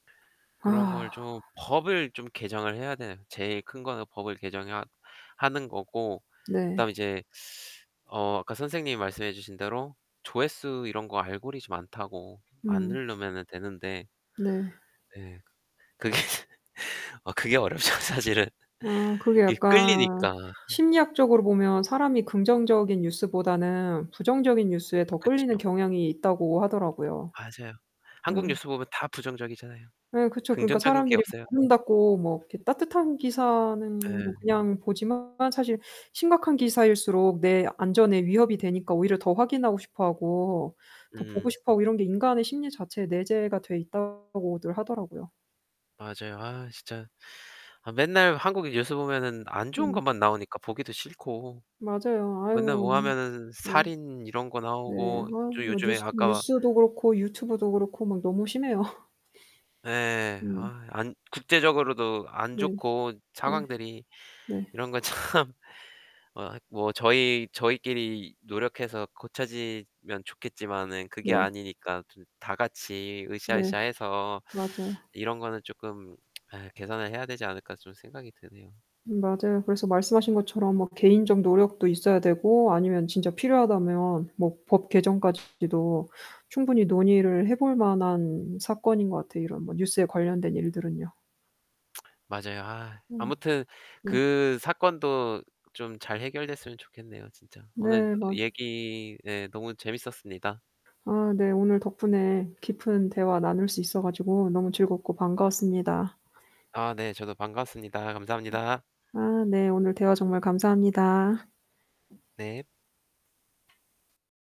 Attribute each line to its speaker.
Speaker 1: 그런 걸
Speaker 2: 우와.
Speaker 1: 좀 법을 좀 개정을 해야 돼요. 제일 큰 거는 법을 개정해야 하는 거고
Speaker 2: 네.
Speaker 1: 그다음에 이제 어 아까 선생님이 말씀해 주신 대로 조회수 이런 거 알고리즘 안 타고 안
Speaker 2: 음.
Speaker 1: 누르면은 되는데
Speaker 2: 네.
Speaker 1: 네 그게 아 그게 어렵죠. 사실은
Speaker 2: 아 그게
Speaker 1: 이게
Speaker 2: 약간
Speaker 1: 끌리니까.
Speaker 2: 심리학적으로 보면 사람이 긍정적인 뉴스보다는 부정적인 뉴스에 더
Speaker 1: 그쵸.
Speaker 2: 끌리는 경향이 있다고 하더라고요.
Speaker 1: 맞아요. 한국
Speaker 2: 응.
Speaker 1: 뉴스 보면 다 부정적이잖아요.
Speaker 2: 네 그쵸. 그러니까
Speaker 1: 긍정적인 게
Speaker 2: 사람들이 막
Speaker 1: 없어요.
Speaker 2: 아름답고 뭐 이렇게 따뜻한 기사는 뭐
Speaker 1: 네.
Speaker 2: 그냥 보지만 사실 심각한 기사일수록 내 안전에 위협이 되니까 오히려 더 확인하고 싶어 하고 더 보고
Speaker 1: 음.
Speaker 2: 싶어 하고 이런 게 인간의 심리 자체에 내재가 돼 있다고들 하더라고요.
Speaker 1: 맞아요. 아 진짜 아 맨날 한국 뉴스 보면은 안 좋은
Speaker 2: 음.
Speaker 1: 것만 나오니까 보기도 싫고
Speaker 2: 맞아요.
Speaker 1: 맨날
Speaker 2: 아유
Speaker 1: 뭐 하면은
Speaker 2: 네.
Speaker 1: 살인 이런 거
Speaker 2: 네 아이
Speaker 1: 나오고 또
Speaker 2: 뭐
Speaker 1: 요즘에
Speaker 2: 뉴스
Speaker 1: 아까
Speaker 2: 뉴스도 그렇고 유튜브도 그렇고 막 너무 심해요.
Speaker 1: 예.
Speaker 2: 음.
Speaker 1: 아이 안 국제적으로도 안
Speaker 2: 네.
Speaker 1: 좋고
Speaker 2: 네.
Speaker 1: 상황들이.
Speaker 2: 네.
Speaker 1: 이런 거 참 어 아이 뭐 저희 저희끼리 노력해서 고쳐지면 좋겠지만은 그게
Speaker 2: 네.
Speaker 1: 아니니까 좀 다 같이 으쌰, 으쌰
Speaker 2: 네
Speaker 1: 해서
Speaker 2: 맞아요.
Speaker 1: 이런 거는 쪼끔 아이 개선을 해야 되지 않을까 좀 생각이 드네요.
Speaker 2: 음 맞아요. 그래서 말씀하신 것처럼 막 개인적 노력도 있어야 되고 아니면 진짜 필요하다면 뭐 법 개정까지도 충분히 논의를 해 볼 만한 사건인 것 같아요 이런 뭐 뉴스에 관련된 일들은요.
Speaker 1: 맞아요. 아이
Speaker 2: 음.
Speaker 1: 아무튼
Speaker 2: 네.
Speaker 1: 그 사건도 좀 잘 해결됐으면 좋겠네요 진짜. 오늘
Speaker 2: 네 맞
Speaker 1: 얘기 예 너무 재밌었습니다.
Speaker 2: 아 네 오늘 덕분에 깊은 대화 나눌 수 있어 가지고 너무 즐겁고 반가웠습니다.
Speaker 1: 아 네 저도 반가웠습니다. 감사합니다.
Speaker 2: 아 네 오늘 대화 정말 감사합니다.
Speaker 1: 네.